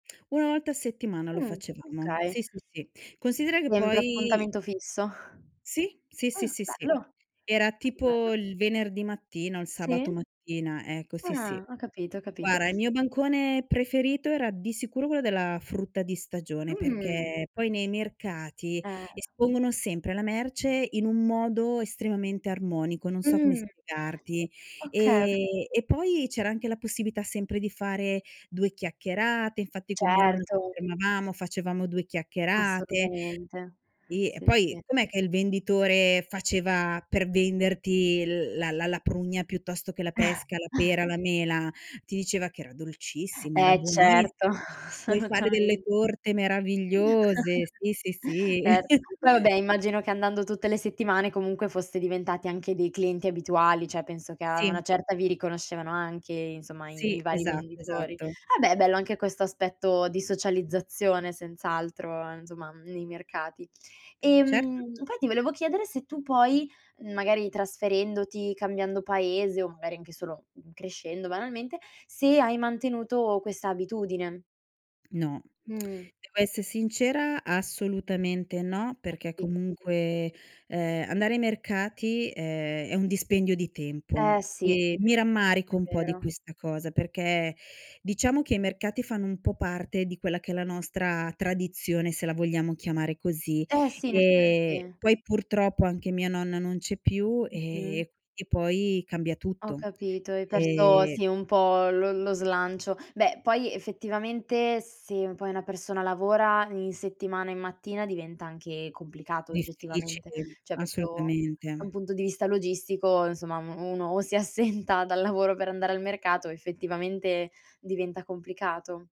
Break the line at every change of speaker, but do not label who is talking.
1 volta a settimana lo
Mh,
facevamo. Sì,
okay.
sì, sì. Considera che
Sempre
poi
appuntamento fisso.
Sì, sì, sì,
Ah,
sì, sì.
bello.
Era
Che bello.
tipo il venerdì mattino, il sabato
Sì.
mattina, ecco sì, sì.
Ah, ho capito, ho capito.
Guarda, il mio bancone preferito era di sicuro quello della frutta di stagione,
Mh.
perché, poi nei mercati
Eh.
espongono sempre la merce in un modo estremamente armonico, non so come
Mh.
spiegarti.
Okay, ho
Ehm,
capi
e poi c'era anche la possibilità sempre di fare due chiacchierate, infatti con mia nonna ci
Certo.
fermavamo, facevamo due chiacchierate
Assolutamente.
sì, e
Sì,
poi
sì.
com'è che il venditore faceva per venderti l la la la prugna piuttosto che la pesca, la pera, la mela, ti diceva che era dolcissima, era
Eh,
buonissima,
certo,
"Puoi fare delle
assolutamen
torte meravigliose." Sì, sì, sì.
Certo, poi vabbè immagino che andando tutte le settimane comunque foste diventati anche dei clienti abituali, cioè penso che a una
Sì.
certa vi riconoscevano anche insomma i i
Sì,
vari
esatto,
venditori.
esatto.
Vabbè, è bello anche questo aspetto di socializzazione senz'altro insomma nei mercati.
Certo.
Ehm, poi ti volevo chiedere se tu poi, mhmm, magari trasferendoti, cambiando paese o magari anche solo, mhmm, crescendo banalmente, se hai mantenuto questa abitudine.
No,
Mh.
devo essere sincera assolutamente no,
Ho
perché
capi
comunque, ehm, andare ai mercati è è un dispendio di tempo.
Eh, sì.
E mi
È
rammarico un po' di
vero.
questa cosa, perché diciamo che i mercati fanno un po' parte di quella che è la nostra tradizione, se la vogliamo chiamare così.
Eh, sì, in
Ehm,
effetti.
poi purtroppo anche mia nonna non c'è più e
Mh-mh.
e quindi poi cambia
Ho
tutto,
capito, hai perso
ehm
sì un po' lo lo slancio. Beh, poi effettivamente, se poi una persona lavora in settimana e mattina diventa anche complicato oggettivamente.
Difficile,
Cioè, proprio da un
assolutamente.
punto di vista logistico, insomma, m u uno o si assenta dal lavoro per andare al mercato o effettivamente diventa complicato.